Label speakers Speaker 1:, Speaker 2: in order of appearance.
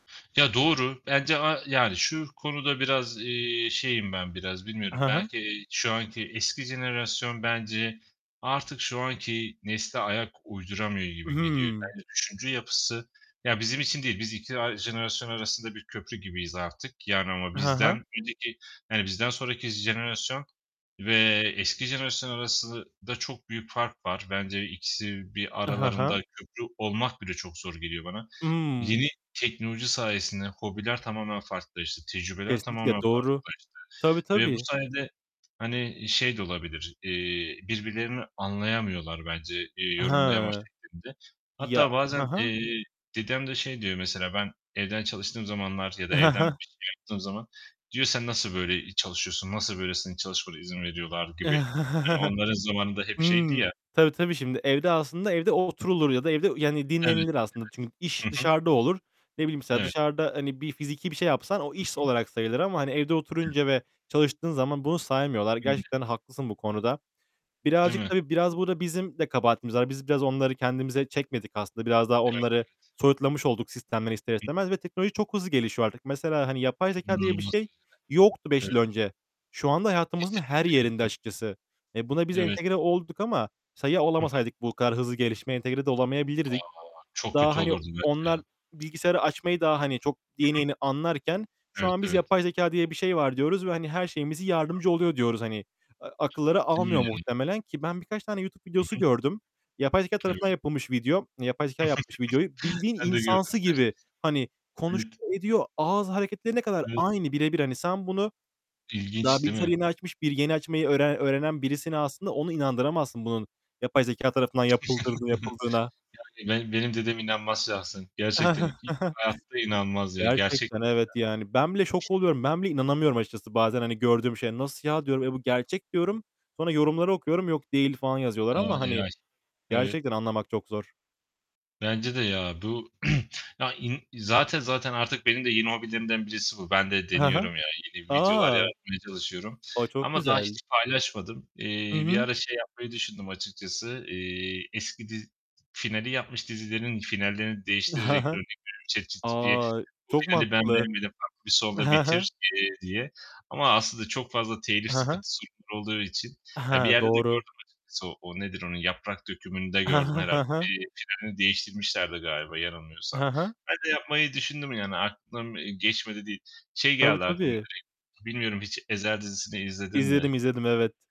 Speaker 1: Ya doğru. Bence a yani, şu konuda biraz, eee, şeyim ben biraz. Bilmiyorum.
Speaker 2: Hı hı.
Speaker 1: Belki, eee, şu anki eski jenerasyon bence artık şu anki nesle ayak uyduramıyor gibi geliyor.
Speaker 2: Hıı.
Speaker 1: Bence düşünce yapısı ya bizim için değil. Biz iki a jenerasyon arasında bir köprü gibiyiz artık. Yani, ama
Speaker 2: Hı hı.
Speaker 1: bizden önceki, yani, bizden sonraki jenerasyon ve eski jenerasyon arasında çok büyük fark var. Bence ikisi bir
Speaker 2: Hı hı.
Speaker 1: aralarında köprü olmak bile çok zor geliyor bana.
Speaker 2: Hımm.
Speaker 1: Yeni teknoloji sayesinde hobiler tamamen farklılaştı, tecrübeler
Speaker 2: Kesinlikle,
Speaker 1: tamamen
Speaker 2: doğru.
Speaker 1: farklılaştı
Speaker 2: Tabii,
Speaker 1: ve bu
Speaker 2: tabii.
Speaker 1: sayede, hani şey de olabilir, eee, birbirlerini anlayamıyorlar bence, eee, yorumlama
Speaker 2: Hıı.
Speaker 1: şeklinde.
Speaker 2: Ya
Speaker 1: Hatta
Speaker 2: He
Speaker 1: bazen,
Speaker 2: he.
Speaker 1: eee, dedem de şey diyor mesela, ben evden çalıştığım zamanlar ya da evden bir şey yaptığım zaman, diyor "Sen nasıl böyle, eee, çalışıyorsun, nasıl böylesinin çalışmana izin veriyorlar." gibi. Hani, onların zamanın da hep şeydi
Speaker 2: Hıı.
Speaker 1: ya.
Speaker 2: Tabii, tabii, şimdi. Evde aslında evde o oturulur ya da evde yani
Speaker 1: Evet,
Speaker 2: dinlenilir aslında. Çünkü iş
Speaker 1: evet, hı hı.
Speaker 2: dışarıda olur. Ne bileyim mesela
Speaker 1: Evet.
Speaker 2: dışarıda hani bir fiziki bir şey yapsan o
Speaker 1: Hı
Speaker 2: iş
Speaker 1: hı.
Speaker 2: olarak sayılır ama, hani, evde
Speaker 1: [unintelligible]
Speaker 2: oturunca ve çalıştığın zaman bunu saymıyorlar.
Speaker 1: Öyle.
Speaker 2: Gerçekten haklısın bu konuda.
Speaker 1: Değil
Speaker 2: Birazcık
Speaker 1: mi?
Speaker 2: tabii, biraz burada bizim de kabahatimiz var. Biz biraz onları kendimize çekmedik aslında. Biraz daha
Speaker 1: Evet,
Speaker 2: onları
Speaker 1: evet.
Speaker 2: soyutlamış olduk sistemden ister
Speaker 1: Hı hı.
Speaker 2: istemez ve teknoloji çok hızlı gelişiyor artık. Mesela, hani yapay zekâ diye bir
Speaker 1: İnanılmaz
Speaker 2: şey
Speaker 1: derecede.
Speaker 2: yoktu beş
Speaker 1: Evet.
Speaker 2: yıl önce. Şu anda hayatımızın her
Speaker 1: Kesinlikle.
Speaker 2: yerinde
Speaker 1: [unintelligible]
Speaker 2: açıkçası. E, buna biz
Speaker 1: Evet.
Speaker 2: entegre olduk ama mesela ya
Speaker 1: Hı hı.
Speaker 2: olamasaydık bu kadar hızlı gelişmeye, entegre de
Speaker 1: A!
Speaker 2: olamayabilirdik.
Speaker 1: Çok
Speaker 2: Daha,
Speaker 1: kötü
Speaker 2: hani,
Speaker 1: olurdu böyle
Speaker 2: onlar
Speaker 1: ya.
Speaker 2: bilgisayarı açmayı daha, hani, çok
Speaker 1: Hı
Speaker 2: yeni
Speaker 1: hı.
Speaker 2: yeni anlarken, şu
Speaker 1: Evet,
Speaker 2: an biz
Speaker 1: evet.
Speaker 2: yapay zekâ diye bir şey var diyoruz ve hani her şeyimizi yardımcı oluyor diyoruz hani. Eee, akılları almıyor
Speaker 1: [unintelligible]
Speaker 2: muhtemelen ki ben birkaç tane YouTube
Speaker 1: I
Speaker 2: videosu
Speaker 1: hı.
Speaker 2: gördüm. Yapay zekâ
Speaker 1: Evet.
Speaker 2: tarafından yapılmış video, yapay zekâ yapmış videoyu. Bildiğin
Speaker 1: Ben de gördüm.
Speaker 2: insansı
Speaker 1: [unintelligible]
Speaker 2: gibi, hani,
Speaker 1: Evet.
Speaker 2: konuşuyor ediyor, ağız hareketlerine kadar
Speaker 1: Evet.
Speaker 2: aynı bire bir. Hani, sen bunu daha
Speaker 1: İlginç değil
Speaker 2: bilgisayar
Speaker 1: mi?
Speaker 2: yeni açmış, bir yeni açmayı öğren öğrenen birisine aslında onu inandıramazsın, bunun yapay zekâ tarafından yapıldığı yapıldığına.
Speaker 1: Yani, benim, benim dedem inanmaz şahsen. Gerçekten i hayatta inanmaz ya,
Speaker 2: Gerçekten
Speaker 1: gerçektir
Speaker 2: evet yani. Ben bile şok
Speaker 1: ya.
Speaker 2: oluyorum. Ben bile inanamıyorum açıkçası bazen hani gördüğüm şeye. Nasıl ya diyorum. "E, bu gerçek." diyorum. Sonra yorumları okuyorum. "Yok değil." falan yazıyorlar
Speaker 1: Aaa, o
Speaker 2: ama hani,
Speaker 1: AI. Evet.
Speaker 2: gerçekten anlamak çok zor.
Speaker 1: Bence de ya. Bu, ya, i zaten zaten artık benim de yeni hobilerimden birisi bu. Ben de
Speaker 2: He he.
Speaker 1: deniyorum ya, yeni videolar
Speaker 2: A.
Speaker 1: yaratmaya çalışıyorum.
Speaker 2: O, çok
Speaker 1: Ama daha
Speaker 2: güzel.
Speaker 1: hiç paylaşmadım.
Speaker 2: Hı
Speaker 1: Eee, bir
Speaker 2: hı.
Speaker 1: ara şey yapmayı düşündüm açıkçası, eee, eski diz finali yapmış dizilerin finallerini değiştirerek,
Speaker 2: Ha ha.
Speaker 1: örnek veriyorum; ChatGPT'ye
Speaker 2: A,
Speaker 1: bu
Speaker 2: çok
Speaker 1: finali ben
Speaker 2: mantıklı.
Speaker 1: beğenmedim, farklı bir sonla
Speaker 2: Ha ha.
Speaker 1: bitir, eee, diye. Ama aslında çok fazla telif,
Speaker 2: Ha ha.
Speaker 1: sıkıntı [unintelligible] olduğu için, ya bir
Speaker 2: Ha,
Speaker 1: yerde de
Speaker 2: doğru.
Speaker 1: gördüm açıkçası, o nedir, onu Yaprak Dökümü'nde
Speaker 2: I
Speaker 1: gördüm
Speaker 2: hı,
Speaker 1: herhâlde.
Speaker 2: hı hı.
Speaker 1: Bir finalini değiştirmişlerdi galiba yanılmıyorsam.
Speaker 2: Hı hı.
Speaker 1: Ben de yapmayı düşündüm yani, aklımdan geçmedi değil. Şey
Speaker 2: Tabii,
Speaker 1: geldi aklıma
Speaker 2: tabii.
Speaker 1: direkt, bilmiyorum hiç Ezel dizisini izledin mi?
Speaker 2: İzledim, izledim, evet.